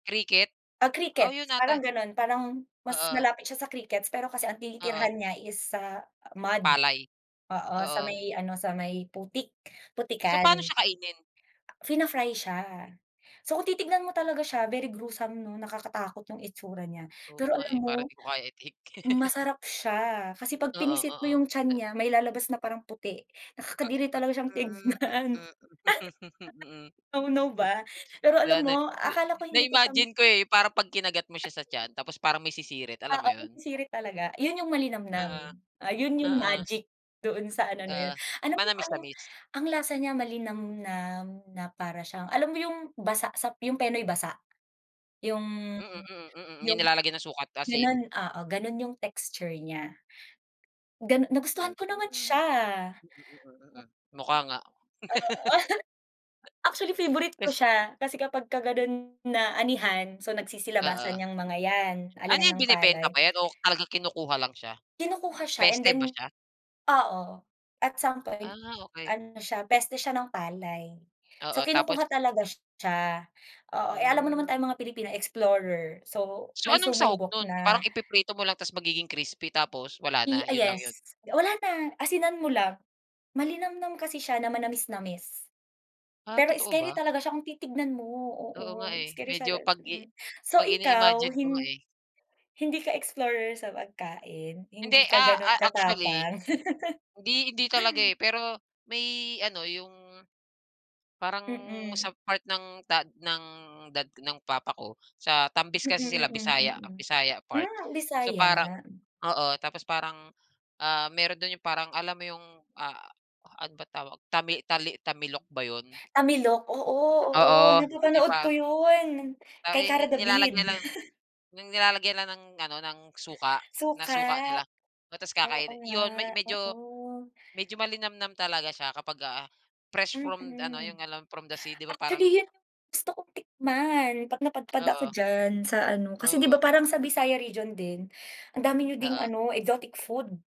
Cricket, Ah, oh, 'yon crickets, parang yata. gano'n parang mas Oo. malapit siya sa crickets pero kasi ang Oo. tinitirahan niya is, ah, mud, Palay, oo, sa oo. may ano, sa may putik, So, paano putikan. siya kainin. Fina-fry siya. So, kung titignan mo talaga siya very gruesome 'no, nakakatakot yung itsura niya. Oo Pero nga, alam eh, para mo, di ko kaya i-take. masarap siya kasi pag Oo, pinisit mo yung tiyan oo. niya may lalabas na parang puti, nakakadiri talaga siyang Hmm, hmm, tignan. hmm, hmm, hmm, 'No, 'no ba? Pero na alam mo akala ko hindi ko siya na-imagine ko, eh, parang 'pag kinagat mo siya sa [unintelligible] tiyan tapos parang may sisirit alam Oo, mo 'yon? sirit talaga. Yun yung malinamnam, Oo. ah, 'yon yung Oo. magic doon sa ano na yun. Ah, Alam mo anong manamisnamis. ang lasa niya malinamnam na para siyang alam mo yung basa sa yung Penoy basa? Yung Mm, mm, mm, yung yung, nilalagay ng suka at asin. gano'n, oo gano'n yung texture niya, ganu nagustuhan Mm, ko naman siya. mm, mm, mukha nga. Oo. Actually favorite ko Kas siya kasi kapag ka gano'n na anihan, so Oo. nagsisilabasan 'yang mga yan Ano, anihan yung ng palay. binebenta ba 'yan o talaga kinukuha lang siya, Kinukuha siya and peste then, ba siya? oo at some Ah, point okey. ano siya peste siya ng palay. So, Oo, tapos. kinukuha talaga siya, oo, eh, alam mo naman Hmm. tayong mga Pilipino explorer, so So, may anong sahog sumubok nun, parang na. ipiprito mo lang tapos magiging crispy tapos wala na Eh, ah, 'yon lang 'yon. yes wala na asinan mo lang, malinamnam kasi siya na manamisnamis. Ah, Pero totoo scary ba? talaga siya kung titignan mo, oo, Oo nga, eh, scary siya, medyo pag-i mm. So, pag ikaw ini-imagine ko nga, hin eh. hindi ka explorer sa pagkain, Hindi, hindi ka ah, gano'n ah, actually, katapang. hindi hindi talaga, eh, pero may ano yung, parang sa Mm. part ng ta ng dad ng papa ko sa Tambis Mm, kasi sila mm, Bisaya mm, Bisaya part. hmm, So, parang, Bisaya. oo tapos parang, ah, meron do'n 'yong parang alam mo 'yong, ah, ano ba tawag tami tali tamilok ba 'yon? Tamilok? Oo, oo Oo, di napapanood ko ba? 'yon Ah, kay eh, Kara David. nilalagayan lang nilalagay lang ng ano ng suka ng Suka, suka nila tapos oo kakain nga, 'yon me medyo oo. malinamnam talaga siya kapag, ah, fresh from ano, Mm. yung alam from the sea di ba parang Actually 'yon yung gusto kong tikman, 'pag napadpad ako Oo. diyan sa ano, kasi 'di ba Oo. parang sa Visayas region din, ang dami niyo ding Oo. ano, exotic food.